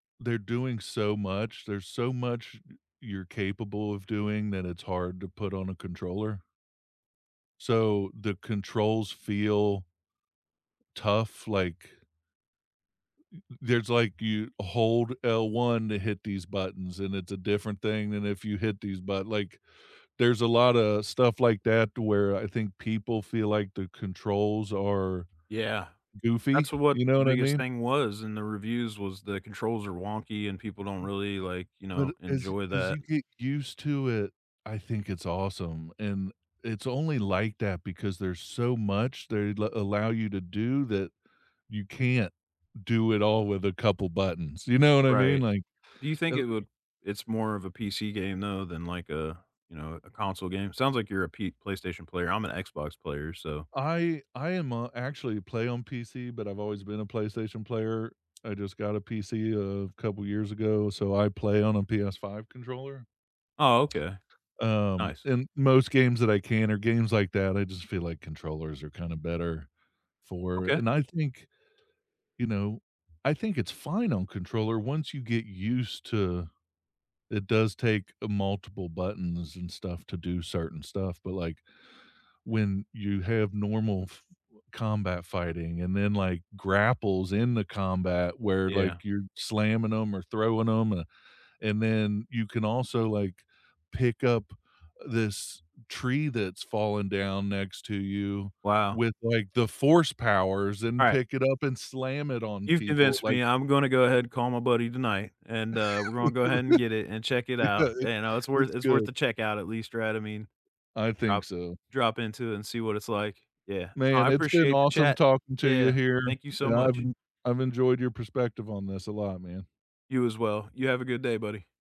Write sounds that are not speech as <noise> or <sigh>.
They're doing so much. There's so much y you're capable of doing that it's hard to put on a controller so the controls feel tough, like y th there's like, you hold L1 to hit these buttons, and it's a different thing than if you hit these butt like, there's a lotta stuff like that to where I think people feel like the controls are Yeah. goofy, That's, uh, what you know the what I biggest mean? thing was in the reviews was the controls are wonky and people don't M really, like, you know, But as enjoy as that. you get used to it, I think it's awesome, and it's only like that because there's so much they la allow you to do that you can't do it all with a couple buttons, you know what I mean? Right. Like, Do you think L it would it's more of a PC game, though, than, like, a, you know, a console game? Sounds like you're a P PlayStation player. I'm an Xbox player, so I I am, uh actually, play on PC, but I've always been a PlayStation player. I just got a PC a couple years ago, so I play on a PS5 controller. Oh, okay. Um, Nice. and most games that I can are games like that. I just feel like controllers are kinda better for Okay. and I think you know, I think it's fine on controller once you get used to it does take a multiple buttons and stuff to do certain stuff, but, like, when you have normal f combat fighting and then, like, grapples in the combat where, Yeah. like, you're slamming 'em or throwing 'em, uh, and then you can also, like, pick up this tree that's fallen down next to you Wow. with, like, the force powers and Right. pick it up and slam it on You've people, convinced like me. I'm gonna go ahead and call my buddy tonight, and, uh, we're gonna go <laughs> ahead and I get it and check it out, know it's and, uh, it's worth it's it's worth good. to check out at least, right? I mean I think drop so. drop into it and see what it's like, yeah. No, I Man, it's been appreciate the awesome chat. talking to you Yeah. here, Thank you so and I've much. en I've enjoyed your perspective on this a lot, man. You as well. You have a good day, buddy.